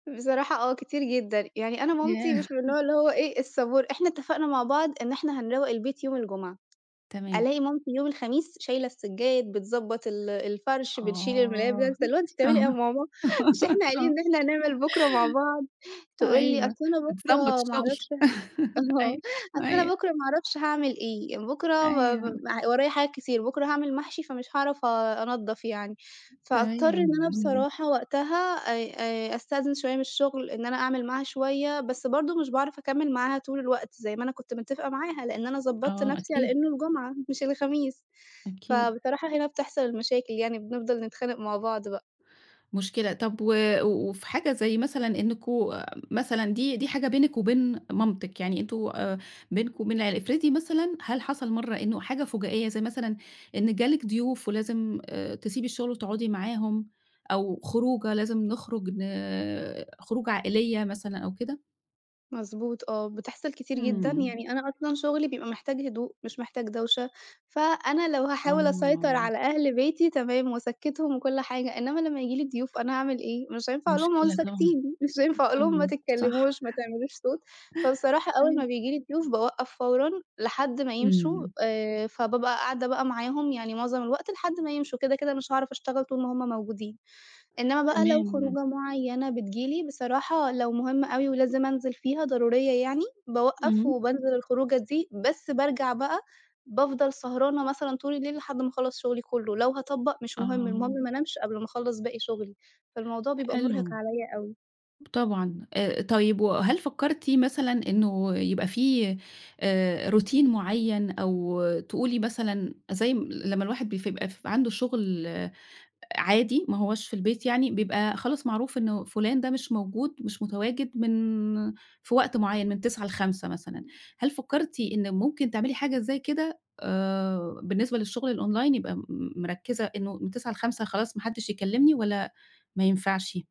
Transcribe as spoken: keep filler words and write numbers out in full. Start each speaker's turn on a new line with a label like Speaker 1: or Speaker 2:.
Speaker 1: بصراحة آه كتير جدًا. يعني أنا مامتي
Speaker 2: ياه!
Speaker 1: مش من النوع اللي هو إيه الصبور. إحنا اتفقنا مع بعض إن إحنا هنرَوّق البيت يوم الجمعة.
Speaker 2: تمام.
Speaker 1: ألاقي مامتي يوم الخميس شايلة السجاد، بتضَبّط ال الفرش، بتشيل الملايات بتاعة
Speaker 2: آه.
Speaker 1: السر اللي هو أنتِ
Speaker 2: آه
Speaker 1: بتعملي إيه يا ماما؟ مش إحنا قايلين
Speaker 2: آه.
Speaker 1: إن إحنا هنعمل بكرة مع بعض؟ تقول لي
Speaker 2: أيوة،
Speaker 1: أصل أنا بكرة
Speaker 2: بتضبط
Speaker 1: ما
Speaker 2: الشغل.
Speaker 1: اعرفش ه آه
Speaker 2: أيوة،
Speaker 1: "أصل أنا
Speaker 2: أيوة.
Speaker 1: بكرة ما اعرفش هاعمل إيه"، "بكرة م
Speaker 2: أيوه.
Speaker 1: ورايا حاجات كتير"، "بكرة هاعمل محشي فمش هاعرف آآ أنضف يعني." فأضطر إن أنا
Speaker 2: تمام.
Speaker 1: بصراحة وقتها آآ آآ أستأذن شوية من الشغل، إن أنا أعمل معاها شوية، بس برضه مش باعرف أكَمّل معاها طول الوقت، زي ما أنا كنت متفقة معاها، لأن أنا ضبطت
Speaker 2: آه،
Speaker 1: نفسي على
Speaker 2: أكيد.
Speaker 1: إنه الجمعة، مش الخميس.
Speaker 2: أكيد.
Speaker 1: فبصراحة هنا بتحصل المشاكل يعني، بنفضل نتخانق مع بعض بقى.
Speaker 2: مشكلة، طَب و وفي حاجة زي مثلًا إنُّكم مثلًا دي، دي حاجة بينِك وبين مامتِك، يعني أنتم آآ، بينكم وبين العيلة افرضي مثلًا، هل حصل مرة إنه حاجة فُجائية، زي مثلًا إن جه لِك ضيوف ولازم آآ، تسيبي الشغل وتقعدي معاهم، أو خروجة لازم نخرج ن خروجة عائلية مثلًا أو كده؟
Speaker 1: مضبوط، آه، بتحصل كتير جدًا.
Speaker 2: إمم.
Speaker 1: يعني أنا أصلًا شغلي بيبقى محتاج هدوء، مش محتاج دَوشة. فأنا لو هاحاول أسيطر
Speaker 2: آه.
Speaker 1: على أهل بيتي، تمام، وأسَكّتهم وكل حاجة. إنّما لمّا ييجي لي ضيوف، أنا أعمل إيه؟ مش هينفع أقول لهُم اقعدوا
Speaker 2: مشكلة طبعًا،
Speaker 1: ساكتين، مش هينفع أقولهم ما
Speaker 2: طبعًا، صح.
Speaker 1: تتكلموش، ما تعملوش صوت. فبصراحة أول
Speaker 2: أيوة.
Speaker 1: ما بييجي لي ضيوف باوَقّف فورًا، لحد ما يمشوا،
Speaker 2: إمم.
Speaker 1: آآ فبابقى قاعدة معاهم، يعني معظم الوقت لحد ما يمشوا، كده كده مش هاعرف أشتَغل طول ما هُمّ موجودين. إنما بقى لو
Speaker 2: تمام.
Speaker 1: خروجة معينة بتيجي لي، بصراحة لو مُهمة أوي ولازم أنزل فيها، ضرورية يعني، باوَقّف،
Speaker 2: إمم.
Speaker 1: وبانزل الخروجة دي، بس بارجع بقى، بافضل سهرانة مثلًا طول الليل لحد ما أخَلّص شغلي كله، لو هاطَبّق مش مهم، المهم
Speaker 2: آه.
Speaker 1: ما أنامش قبل ما أخلص باقي شغلي. فالموضوع بيبقى مُرهق
Speaker 2: حلو.
Speaker 1: عليَّ أوي.
Speaker 2: ب طبعًا، آآ، طيب وهل فكّرتِ مثلًا إنه يبقى فيه آآ روتين مُعيّن، أو تقولي مثلًا زي م لمّا الواحد بي ف بقى ف عنده شغل، عادي، ما هواش في البيت، يعني بيبقى خلاص معروف إنه فلان ده مش موجود، مش متواجد من في وقت معين من تسعة لخمسة مثلًا. هل فكّرتِ إن ممكن تعملي حاجة زي كده آآ بالنسبة للشغل الOnline يبقي م مركِّزة إنه من تسعة لخمسة خلاص، ما حدّش يكلّمني، والّا ما ينفعش؟